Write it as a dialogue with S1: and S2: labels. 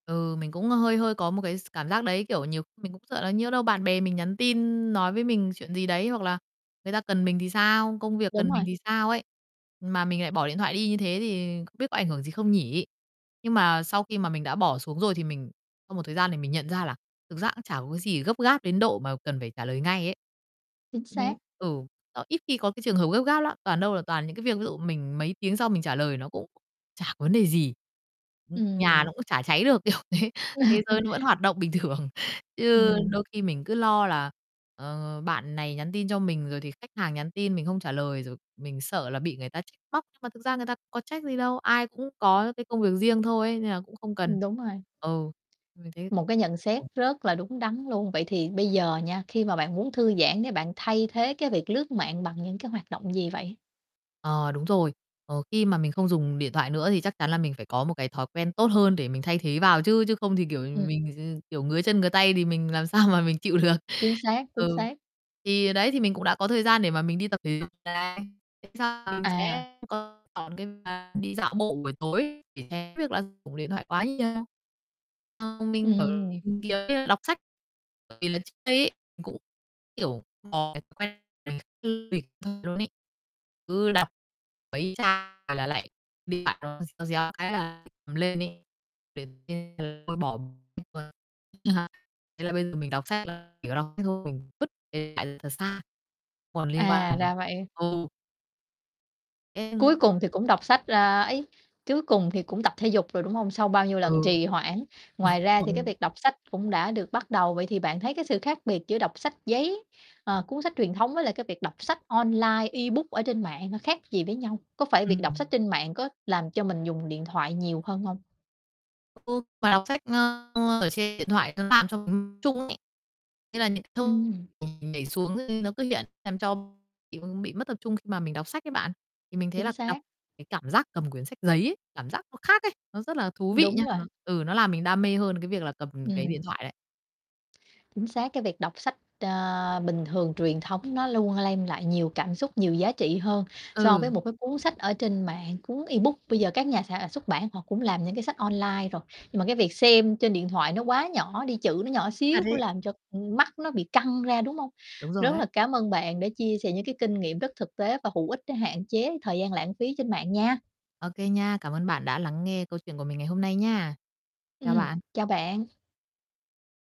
S1: Ừ, mình cũng hơi hơi có một cái s cảm giác đấy, kiểu, nhiều khi mình cũng sợ là nhỡ đâu bạn bè mình nhắn tin nói với mình chuyện gì đấy hoặc là người ta cần mình thì sao, công việc
S2: Đúng
S1: cần mình
S2: rồi.
S1: thì sao ấy. Mà mình lại bỏ điện thoại đi như thế thì không biết có ảnh hưởng gì không nhỉ? Nhưng mà sau khi mà mình đã bỏ xuống rồi thì mình sau một thời gian thì mình nhận ra là thực ra cũng chả có cái gì gấp gáp đến độ mà cần phải trả lời ngay ấy.
S2: Chính
S1: Ừm,
S2: xác.
S1: ừ, đó, ít khi có cái trường hợp gấp gáp lắm, toàn đâu là toàn những cái việc ví dụ mình mấy tiếng sau mình trả lời nó cũng chả có vấn đề gì, ừm, nhà
S2: Ừm.
S1: nó cũng chả cháy được, kiểu thế, thế giới nó vẫn hoạt động bình thường. Chứ
S2: Ừm.
S1: đôi khi mình cứ lo là, ờ, bạn này nhắn tin cho mình rồi thì khách hàng nhắn tin mình không trả lời, rồi mình sợ là bị người ta trách móc, nhưng mà thực ra người ta có trách gì đâu, ai cũng có cái công việc riêng thôi nên là cũng không cần.
S2: Đúng rồi.
S1: Ừ, mình thấy
S2: Một cái nhận xét
S1: ồ.
S2: rất là đúng đắn luôn. Vậy thì bây giờ nha, khi mà bạn muốn thư giãn để bạn thay thế cái việc lướt mạng bằng những cái hoạt động gì vậy?
S1: Ờ, đúng rồi. Ờ, khi mà mình không dùng điện thoại nữa thì chắc chắn là mình phải có một cái thói quen tốt hơn để mình thay thế vào chứ, chứ không thì, kiểu,
S2: Ừm.
S1: mình ch kiểu, ngứa chân ngứa tay thì mình làm sao mà mình chịu được.
S2: Chính xác, chính
S1: Ừ.
S2: xác.
S1: Thì đấy thì mình cũng đã có thời gian để mà mình đi tập thể dục này. Thế xong mình
S2: À.
S1: sẽ [unintelligible] đi dạo bộ buổi tối để tránh việc là dùng điện thoại quá nhiều. Ờ, mình, kiểu,
S2: Ừm.
S1: tìm kiếm đọc sách, bởi vì là trước đây ấy mình cũng, kiểu, có cái thói quen [unintelligible] luôn ấy. Cứ đọc mấy trang là lại điện thoại nó réo réo cái là cầm lên ấy [unintelligible] thôi bỏ [unintelligible] thế là bây giờ mình đọc sách là chỉ có đọc sách thôi, mình vứt điện thoại thật xa, còn liên
S2: À,
S1: quan nữa.
S2: ra vậy.
S1: Ừ.
S2: Cuối
S1: [unintelligible]
S2: cùng thì cũng đọc sách, a, ấy cuối cùng thì cũng tập thể dục rồi, đúng hông? Sau bao nhiêu lần
S1: Ừ.
S2: trì hoãn, ngoài ra thì cái việc đọc sách cũng đã được bắt đầu. Vậy thì bạn thấy cái sự khác biệt giữa đọc sách giấy, ờ, cuốn sách truyền thống với lại cái việc đọc sách online ebook ở trên mạng khác gì với nhau? Có phải việc đọc sách
S1: Ừm.
S2: trên mạng có làm cho mình dùng điện thoại nhiều hơn hông?
S1: Ừ, mà đọc sách, ờ, ở trên điện thoại nó làm cho mình [unintelligible] trung ấy. Thế là những cái thông
S2: Ừm.
S1: [unintelligible] nhảy xuống nó cứ hiện làm cho mình bị mất tập trung khi mà mình đọc sách ấy bạn. Thì mình thấy
S2: Chính
S1: là đọc
S2: xác.
S1: cái cảm giác cầm quyển sách giấy ấy, cảm giác nó khác ấy, nó rất là thú vị
S2: Đúng
S1: nha,
S2: rồi.
S1: ừ, nó làm mình đam mê hơn cái việc là cầm cái
S2: Ừm.
S1: điện thoại đấy.
S2: Chính xác, cái việc đọc sách, ờ, bình thường truyền thống nó luôn lem lại nhiều cảm xúc nhiều giá trị hơn so với
S1: Ừ.
S2: một cái cuốn sách ở trên mạng. Cuốn ebook bây giờ các nhà sản xuất bản họ cũng làm những cái sách online rồi nhưng mà cái việc xem trên điện thoại nó quá nhỏ đi, chữ nó nhỏ
S1: Thật
S2: xíu cũng
S1: ấy.
S2: làm cho, ưm, mắt nó bị căng ra, đúng hông?
S1: Đúng rồi
S2: Rất
S1: ấy.
S2: là cám ơn bạn đã chia sẻ những cái kinh nghiệm rất thực tế và hữu ích để hạn chế thời gian lãng phí trên mạng nha.
S1: Ô kê nha. Cảm ơn bạn đã lắng nghe câu chuyện của mình ngày hôm nay nha. Chào
S2: Ừm,
S1: bạn.
S2: chào bạn.